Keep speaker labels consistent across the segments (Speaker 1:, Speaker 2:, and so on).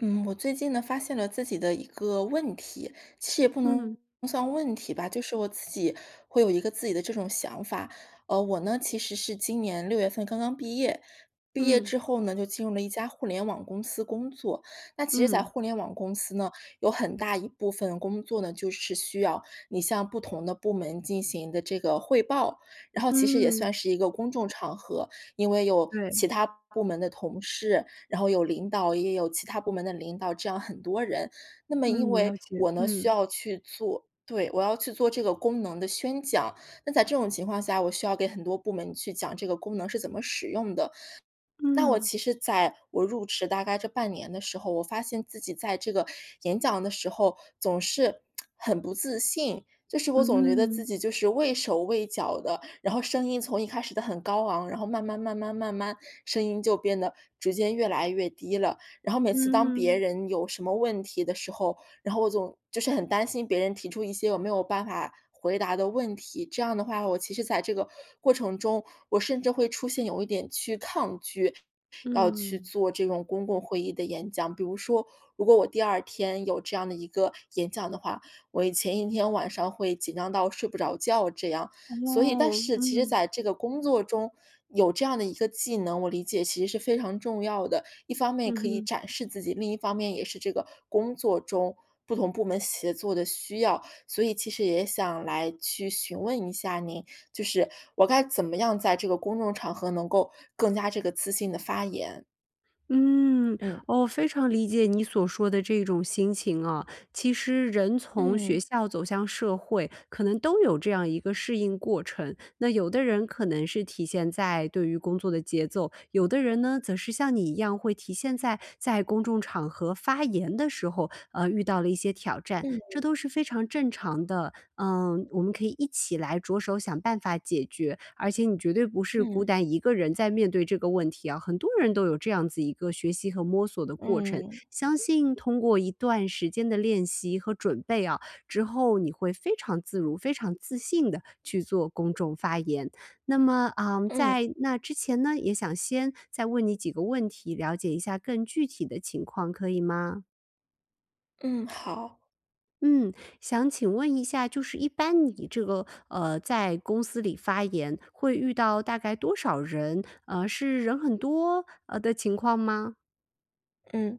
Speaker 1: 嗯，我最近呢发现了自己的一个问题其实不能
Speaker 2: 嗯。
Speaker 1: 算问题吧，就是我自己会有一个自己的这种想法。呃，我呢其实是今年6月份刚刚毕业，毕业
Speaker 2: 嗯。
Speaker 1: 之后呢就进入了一家互联网公司工作。那其实在
Speaker 2: 嗯。
Speaker 1: 互联网公司呢，有很大一部分工作呢就是需要你向不同的部门进行的这个汇报。然后其实也
Speaker 2: 嗯。
Speaker 1: 算是一个公众场合，因为有
Speaker 2: 对。
Speaker 1: 其它部门的同事，然后有领导，也也有其它部门的领导，这样很多人。那么因
Speaker 2: 嗯，
Speaker 1: 为
Speaker 2: 了解，
Speaker 1: 我呢需
Speaker 2: 嗯。
Speaker 1: 要去做对，我要去做这个功能的宣讲，那在这种情况下，我需要给很多部门去讲这个功能是怎么使用的。那我
Speaker 2: 嗯。
Speaker 1: 其实在我入职大概这半年的时候，我发现自己在这个演讲的时候，总是 很不自信。就是我总觉得自
Speaker 2: 嗯。
Speaker 1: 己就是畏手畏脚的，然后声音从一开始的很高昂，然后慢慢慢慢慢慢声音就变得逐渐越来越低了。然后每次当别
Speaker 2: 嗯。
Speaker 1: 人有什么问题的时候，然后我总就是很担心别人提出一些我没有办法回答的问题。这样的话，我其实在这个过程中，我甚至会出现有一点去抗拒要去
Speaker 2: 嗯。
Speaker 1: 做这种公共会议的演讲。比如说，如果我第二天有这样的一个演讲的话，我一前一天晚上会紧张到睡不着觉这样。所以但
Speaker 2: 哦，
Speaker 1: 是其实
Speaker 2: 嗯。
Speaker 1: 在这个工作中，有这样的一个技能我理解其实是非常重要的。一方面也
Speaker 2: 嗯
Speaker 1: 可以
Speaker 2: 哼。
Speaker 1: 展示自己，另一方面也是这个工作中不同部门协作的需要。所以其实也想来去询问一下您，就是我该怎么样在这个公众场合能够更加这个自信地发言？
Speaker 2: 嗯，
Speaker 1: 嗯。
Speaker 2: 我非常理解你所说的这一种心情啊。其实人从学
Speaker 1: 嗯。
Speaker 2: 校走向社会，可能都有这样一个适应过程。那有的人可能是体现在对于工作的节奏，有的人呢则是像你一样会体现在在公众场合发言的时候，啊，遇到了一些挑战，
Speaker 1: 嗯。
Speaker 2: 这都是非常正常的。呃，我们可以一起来着手想办法解决，而且你绝对不是孤
Speaker 1: 嗯。
Speaker 2: 单一个人在面对这个问题啊，很多人都有这样子一个学习和摸索的过程。
Speaker 1: 嗯。
Speaker 2: 相信通过一段时间的练习和准备啊，之后你会非常自如、非常自信地去做公众发言。那么呃，
Speaker 1: 嗯。
Speaker 2: 在那之前呢，也想先再问你几个问题，了解一下更具体的情况可以吗？
Speaker 1: 嗯，好。
Speaker 2: 嗯，想请问一下就是一般你这个，呃，在公司里发言，会遇到大概多少人？呃，是人很多，呃，的情况吗？
Speaker 1: 嗯，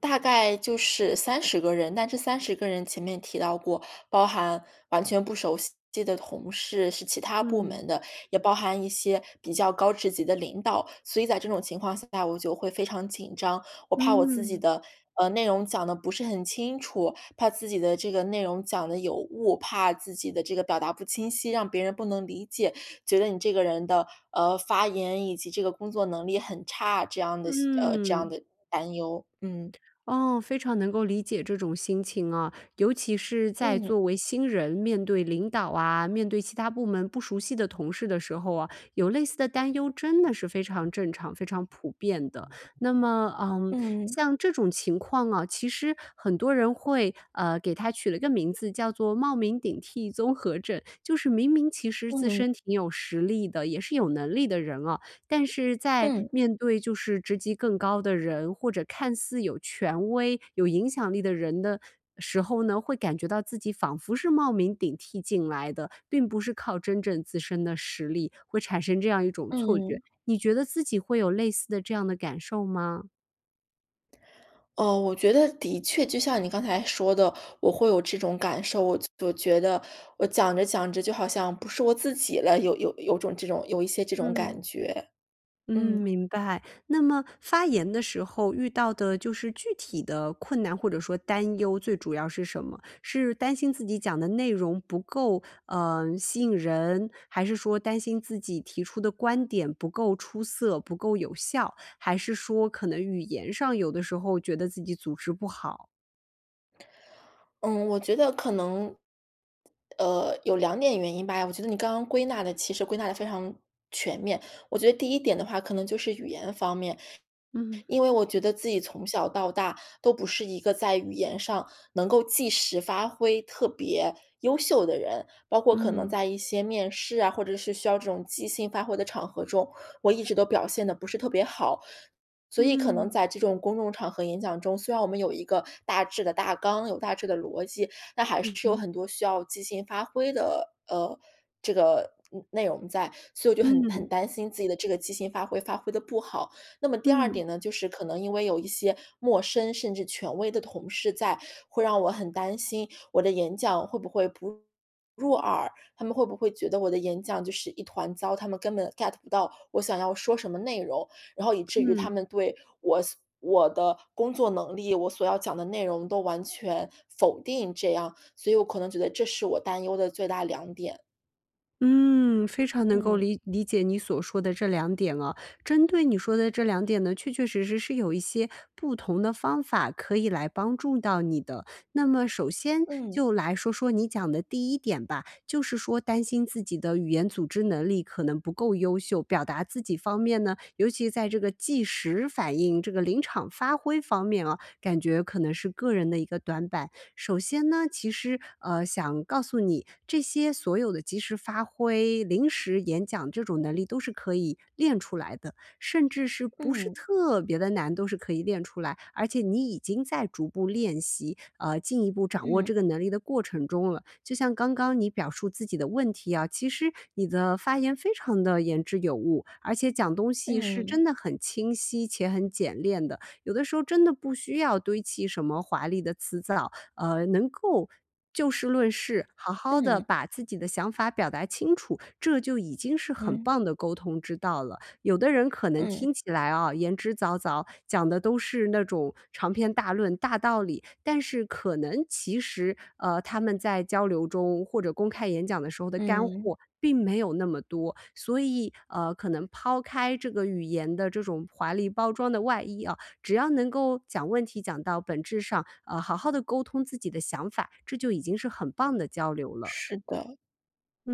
Speaker 1: 大概就是30个人，但这30个人前面提到过，包含完全不熟悉的同事，是其它部
Speaker 2: 嗯。
Speaker 1: 门的，也包含一些比较高职级的领导。所以在这种情况下，我就会非常紧张。我怕我自己
Speaker 2: 嗯。
Speaker 1: 的，呃，内容讲得不是很清楚、怕自己的这个内容讲得有误、怕自己的这个表达不清晰，让别人不能理解，觉得你这个人的，呃，发言以及这个工作能力很差，这样的，呃，这样
Speaker 2: 嗯。
Speaker 1: 的担忧。嗯。
Speaker 2: 哦，非常能够理解这种心情啊。尤其是在
Speaker 1: 嗯。
Speaker 2: 作为新人，面对领导啊、面对其它部门不熟悉的同事的时候啊，有类似的担忧真的是非常正常、非常普遍的。那么，嗯，
Speaker 1: 嗯。
Speaker 2: 像这种情况啊，其实很多人会呃，给它取了个名字叫做冒名顶替综合症。就是明明其实自
Speaker 1: 嗯。
Speaker 2: 身挺有实力的，也是有能力的人啊，但是在
Speaker 1: 嗯。
Speaker 2: 面对就是职级更高的人，或者看似有权威、有影响力的人的时候呢，会感觉到自己仿佛是冒名顶替进来的，并不是靠真正自身的实力，会产生这样一种错觉，
Speaker 1: 嗯。
Speaker 2: 你觉得自己会有类似的这样的感受吗？
Speaker 1: 哦，我觉得的确就像你刚才说的，我会有这种感受，我就我觉得我讲着讲着就好像不是我自己了，有有有种这种有一些这种
Speaker 2: 嗯。
Speaker 1: 感觉。
Speaker 2: 嗯，
Speaker 1: 嗯。
Speaker 2: 明白，那么发言的时候遇到的就是具体的困难或者说担忧，最主要是什么？是担心自己讲的内容不够，呃，吸引人，还是说担心自己提出的观点不够出色、不够有效？还是说可能语言上有的时候觉得自己组织不好？
Speaker 1: 嗯，我觉得可能，呃，有2点原因吧。我觉得你刚刚归纳的其实归纳得非常全面。我觉得第1点的话，可能就是语言方面，
Speaker 2: 嗯。
Speaker 1: 因为我觉得自己从小到大都不是一个在语言上能够即时发挥特别优秀的人，包括可能
Speaker 2: 嗯。
Speaker 1: 在一些面试啊，或者是需要这种即兴发挥的场合中，我一直都表现得不是特别好。所以可能
Speaker 2: 嗯。
Speaker 1: 在这种公众场合演讲中，虽然我们有一个大致的大纲、有大致的逻辑，那还是
Speaker 2: 嗯
Speaker 1: 有
Speaker 2: 哼。
Speaker 1: 很多需要即兴发挥的，呃，这个，嗯，内容在，所以我就很
Speaker 2: 嗯。
Speaker 1: 很担心自己的这个即兴发挥发挥得不好。那么第2
Speaker 2: 嗯。
Speaker 1: 点呢，就是可能因为有一些陌生，甚至权威的同事在，会让我很担心我的演讲会不会不入耳，他们会不会觉得我的演讲就是一团糟，他们根本 get 不到我想要说什么内容，然后以至于他
Speaker 2: 嗯。
Speaker 1: 们对我所我的工作能力，我所要讲的内容都完全否定这样，所以我可能觉得这是我担忧的最大2点。
Speaker 2: 嗯，非常能够
Speaker 1: 嗯。
Speaker 2: 理理解你所说的这2点啊。针对你说的这2点呢，确确实实是有一些不同的方法可以来帮助到你的。那么首先
Speaker 1: 嗯。
Speaker 2: 就来说说你讲的第1点吧，就是说担心自己的语言组织能力可能不够优秀，表达自己方面呢尤其在这个即时反应这个临场发挥方面啊，感觉可能是个人的一个短板。首先呢，其实，呃，想告诉你这些所有的即时发挥临时演讲这种能力都是可以练出来的，甚至是不是
Speaker 1: 嗯。
Speaker 2: 特别地难都是可以练出来。而且你已经在逐步练习，呃，进一步掌握这
Speaker 1: 嗯。
Speaker 2: 个能力的过程中了。就像刚刚你表述自己的问题啊，其实你的发言非常地言之有物，而且讲东西是
Speaker 1: 嗯。
Speaker 2: 真的很清晰且很简练的。有的时候真的不需要堆起什么华丽的词藻，呃，能够就事论事，好好地
Speaker 1: 嗯。
Speaker 2: 把自己的想法表达清楚，这就已经是很
Speaker 1: 嗯。
Speaker 2: 棒的沟通之道了。有的人可能
Speaker 1: 嗯。
Speaker 2: 听起来啊，言之凿凿，讲的都是那种长篇大论大道理，但是可能其实，呃，他们在交流中或者公开演讲的时候的干
Speaker 1: 嗯。
Speaker 2: 货并没有那么多。所以，呃，可能抛开这个语言的这种华丽包装的外衣啊，只要能够讲问题讲到本质上，啊好好地沟通自己的想法，这就已经是很棒的交流了。
Speaker 1: 是的，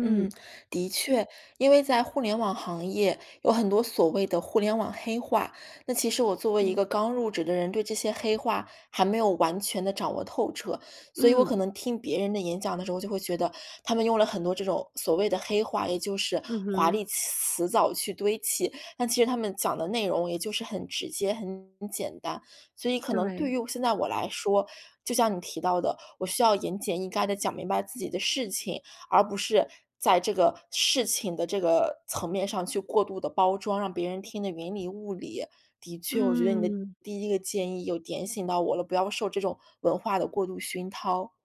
Speaker 1: 嗯，的确。因为在互联网行业有很多所谓的互联网黑话，那其实我作为一个
Speaker 2: 嗯。
Speaker 1: 刚入职的人，对这些黑话还没有完全地掌握透彻，所以我可
Speaker 2: 嗯。
Speaker 1: 能听别人的演讲的时候，我就会觉得他们用了很多这种所谓的黑话，也就是
Speaker 2: 嗯
Speaker 1: 华
Speaker 2: 哼。
Speaker 1: 丽词藻去堆砌。但其实他们讲的内容也就是很直接很简单，所以可能对
Speaker 2: 对。
Speaker 1: 于现在我来说，就像你提到的，我需要严简意赅地讲明白自己的事情，而不是在这个事情的这个层面上去过度地包装，让别人听得云里雾里。的确，我觉得你的
Speaker 2: 嗯。
Speaker 1: 第1个建议又点醒到我了，不要受这种文化的过度熏陶。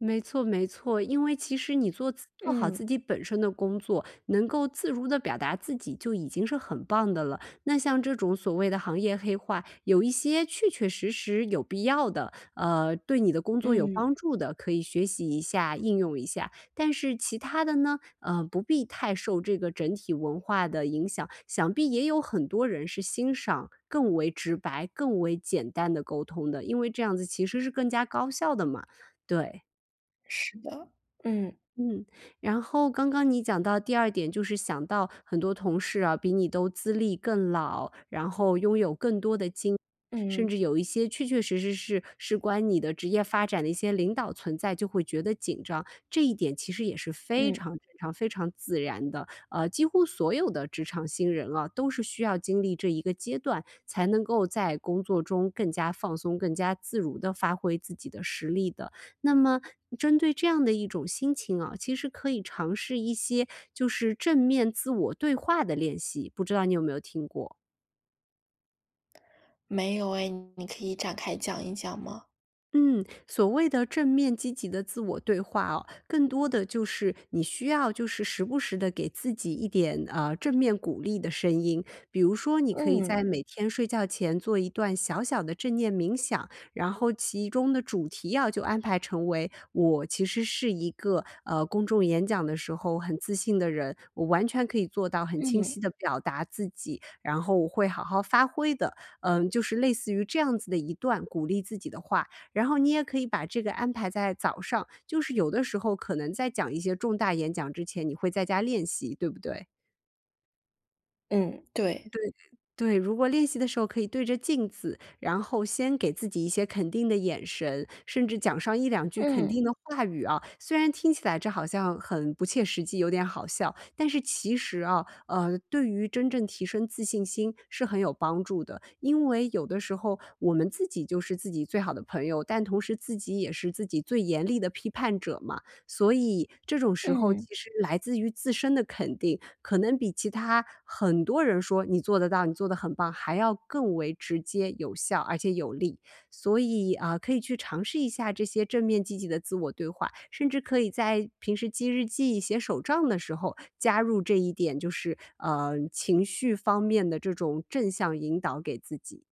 Speaker 2: 没错没错，因为其实你做自做好
Speaker 1: 嗯。
Speaker 2: 自己本身的工作，能够自如地表达自己就已经是很棒的了。那像这种所谓的行业黑话，有一些确确实实有必要的，呃，对你的工作有帮
Speaker 1: 嗯。
Speaker 2: 助的，可以学习一下、应用一下。但是其它的呢，呃，不必太受这个整体文化的影响，想必也有很多人是欣赏更为直白、更为简单的沟通的，因为这样子其实是更加高效的嘛，对。
Speaker 1: 是的，嗯。
Speaker 2: 嗯，然后刚刚你讲到第2点，就是想到很多同事啊，比你都资历更老，然后拥有更多的经验，甚
Speaker 1: 嗯。
Speaker 2: 至有一些确确实实是事关你的职业发展的一些领导存在，就会觉得紧张，这一点其实也是非
Speaker 1: 嗯。
Speaker 2: 常非常非常自然的。呃，几乎所有的职场新人啊，都是需要经历这一个阶段才能够在工作中更加放松、更加自如地发挥自己的实力的。那么针对这样的一种心情啊，其实可以尝试一些，就是正面自我对话的练习，不知道你有没有听过？
Speaker 1: 没有诶，你可以展开讲一讲吗？
Speaker 2: 嗯，所谓的正面积极地自我对话啊，更多地就是你需要就是时不时地给自己一点，呃，正面鼓励的声音。比如说你可以在
Speaker 1: 嗯。
Speaker 2: 每天睡觉前做一段小小的正念冥想，然后其中的主题要就安排成为我其实是一个，呃，公众演讲的时候很自信的人，我完全可以做到很清
Speaker 1: 嗯。
Speaker 2: 晰地表达自己，然后我会好好发挥的。嗯，就是类似于这样子的一段鼓励自己的话。然后你也可以把这个安排在早上就是有的时候可能在讲一些重大演讲之前，你会在家练习，对不对？
Speaker 1: 嗯，对。
Speaker 2: 对对，如果练习的时候可以对着镜子，然后先给自己一些肯定的眼神，甚至讲上一两句肯
Speaker 1: 嗯。
Speaker 2: 定的话语啊，虽然听起来这好像很不切实际，有点好笑，但是其实啊，呃，对于真正提升自信心是很有帮助的。因为有的时候我们自己就是自己最好的朋友，但同时自己也是自己最严厉的批判者嘛。所以这种时候，
Speaker 1: 嗯。
Speaker 2: 其实来自于自身的肯定，可能比其他很多人说你做得到，你做得很棒还要更为直接有效而且有力。所以，啊，可以去尝试一下这些正面积极的自我对话，甚至可以在平时记日记、写手账的时候加入这一点，就是，呃，情绪方面的这种正向引导给自己。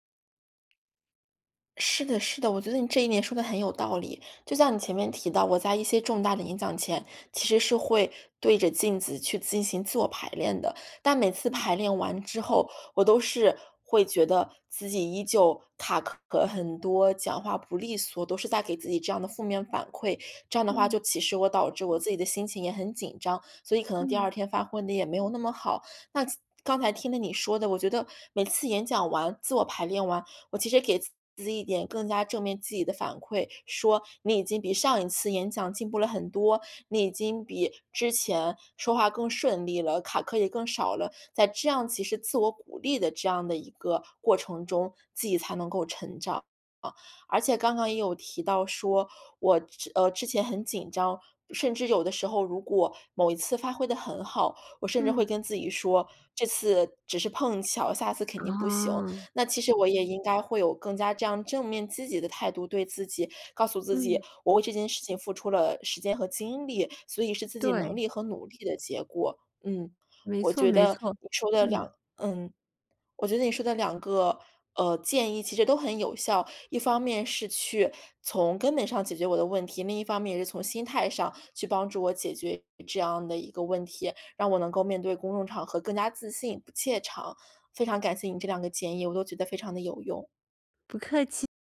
Speaker 1: 是的是的，我觉得你这一点说得很有道理。就像你前面提到，我在一些重大的演讲前，其实是会对着镜子去进行自我排练的，但每次排
Speaker 2: 嗯。
Speaker 1: 练完之后，我都是会觉得自己依旧卡壳很多，讲话不利索，都是在给自己这样的负面反馈。这样的话，就
Speaker 2: 嗯。
Speaker 1: 其实我导致我自己的心情也很紧张，所以可能第
Speaker 2: 嗯。
Speaker 1: 二天发挥得也没有那么好。那刚才听了你说的，我觉得每次演讲完自我排练完，我其实给自己一点更加正面积极的反馈，说：“你已经比上一次演讲进步了很多，你已经比之前说话更顺利了，卡壳也更少了。”在这样其实自我鼓励的这样的一个过程中，自己才能够成长。呃，而且刚刚也有提到说，我，呃，之前很紧张，甚至有的时候如果某一次发挥得很好，我甚至会
Speaker 2: 嗯。
Speaker 1: 跟自己说，这次只是碰巧，下次肯定不行。
Speaker 2: 哦。
Speaker 1: 那其实我也应该会有更加这样正面积极的态度，对自己告诉自己，
Speaker 2: 嗯。
Speaker 1: 我为这件事情付出了时间和精力，所以是自己能
Speaker 2: 对。
Speaker 1: 力和努力的结果。嗯，
Speaker 2: 没
Speaker 1: 我
Speaker 2: 错
Speaker 1: 觉
Speaker 2: 没
Speaker 1: 得
Speaker 2: 错，
Speaker 1: 你说的
Speaker 2: 嗯。
Speaker 1: 两嗯，我觉得你说的2个，呃，建议其实都很有效，一方面是去从根本上解决我的问题。另一方面也是从心态上去帮助我解决这样的一个问题，让我能够面对公众场合更加自信、不怯场。非常感谢你这2个建议，我都觉得非常地有用。
Speaker 2: 不客气。